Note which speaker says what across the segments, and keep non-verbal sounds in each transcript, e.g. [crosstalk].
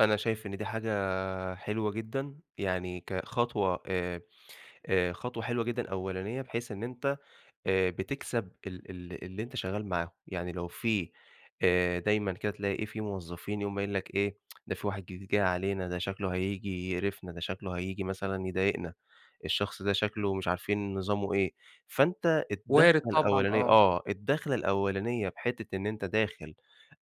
Speaker 1: أنا شايف إن دي حاجة حلوة جدًا يعني كخطوة آآ، آآ، خطوة حلوة جدًا أولانية بحيث إن أنت آآ، بتكسب ال ال اللي أنت شغال معاهم، يعني لو في آآ، دايمًا كده تلاقي في موظفين يقوم قايل لك إيه [tsk] ده في واحد جديد جاي علينا، ده شكله هييجي يقرِفنا، ده شكله هييجي مثلًا يضايقنا الشخص ده شكله مش عارفين نظامُه إيه، فأنت
Speaker 2: وارد
Speaker 1: الدَخلة
Speaker 2: طبعًا،
Speaker 1: الأولانية
Speaker 2: آه.
Speaker 1: آه، الدَخلة الأولانية بحتِّة إن أنت داخل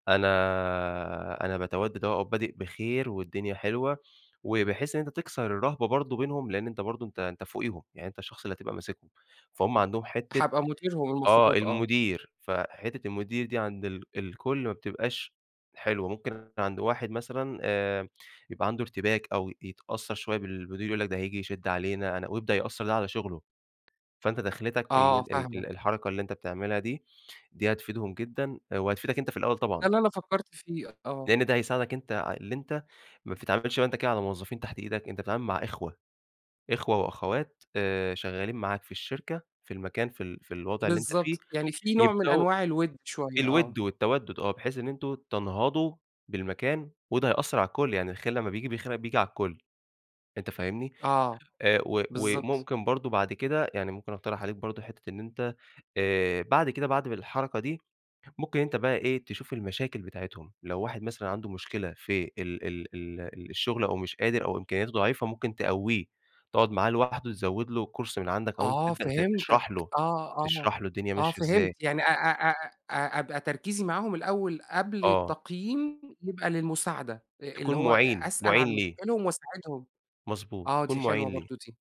Speaker 1: أنا آآ، أنا باتودّد أهو وبادئ بخير والدنيا حلوة، وبحيث إن أنت تكسر الرهبة برضه بينهم لأن أنت برضه أنت أنت فوقيهم، يعني أنت الشخص اللي هتبقى ماسِكهُم، فهم عندهم حتِّة
Speaker 2: هابقى مديرهم
Speaker 1: آه،
Speaker 2: المفروض، آه.
Speaker 1: المدير، فحتِّة المدير دي عند ال الكل ما بتبقاش حلوة، ممكن عند واحد مثلًا آآ، يبقى عندُه ارتباك أو يتأثّر شوية بال بالمدير يقول لك ده هييجي يشِدّ علينا أنا ويبدأ يأثّر ده على شغلُه. فأنت دَخلتك
Speaker 2: آه،
Speaker 1: ال ال
Speaker 2: فاهمك.
Speaker 1: الحركة اللي أنت بتعملها دي، دي هتفيدهم جدًا وهتفيدك أنت في الأول
Speaker 2: ده
Speaker 1: طبعًا.
Speaker 2: اللي أنا فكّرت فيه، [unintelligible] آه.
Speaker 1: لأن ده هيساعدك أنت اللي أنت ما بتتعاملش أنت كده على موظفين تحت إيدك، أنت بتتعامل مع إخوة، إخوة وأخوات آآ، شغالين معاك في الشركة في المكان في ال في الوضع اللي أنت فيه،
Speaker 2: بالضبط، يعني في نوع من
Speaker 1: يبدأوا
Speaker 2: أنواع الودّ شوية،
Speaker 1: الود
Speaker 2: آه.
Speaker 1: والتودّد آه، بحيث إن أنتم تنهضوا بالمكان وده هيأثّر على الكل، يعني الخير لمّا بييجي الخير بييجي على الكل، أنت فاهمني؟
Speaker 2: آه،
Speaker 1: آآ، و
Speaker 2: بالضبط.
Speaker 1: وممكن برضه بعد كده، يعني ممكن أقترح عليك برضه حتة إن أنت، آآ، بعد كده، بعد الحركة دي ممكن أنت بقى إيه تشوف المشاكل بتاعتهم، لو واحد مثلًا عنده مشكلة في ال ال ال الشغل أو مش قادر أو إمكانياته ضعيفة، ممكن تقوّيه تقعد معاه لوحدُه تزوّد له course من عندك أو أنت
Speaker 2: آه،
Speaker 1: تبدأ ت
Speaker 2: فهمتك
Speaker 1: تشرح له
Speaker 2: آه، آه.
Speaker 1: تشرح له الدنيا
Speaker 2: آه،
Speaker 1: ماشية
Speaker 2: فهمت،
Speaker 1: إزاي.
Speaker 2: يعني أ أ أ أ أبقى تركيزي معاهم الأول قبل
Speaker 1: آه.
Speaker 2: التقييم، يبقى للمساعدة،
Speaker 1: تكون
Speaker 2: اللي هو أ
Speaker 1: مُعِين،
Speaker 2: أسأل عن
Speaker 1: مُعِين ليه.
Speaker 2: مشاكلهم وأساعدهم،
Speaker 1: مضبوط،
Speaker 2: آه،
Speaker 1: تكون
Speaker 2: دي
Speaker 1: مُعِين
Speaker 2: حلوة
Speaker 1: ليه.
Speaker 2: برضه دي.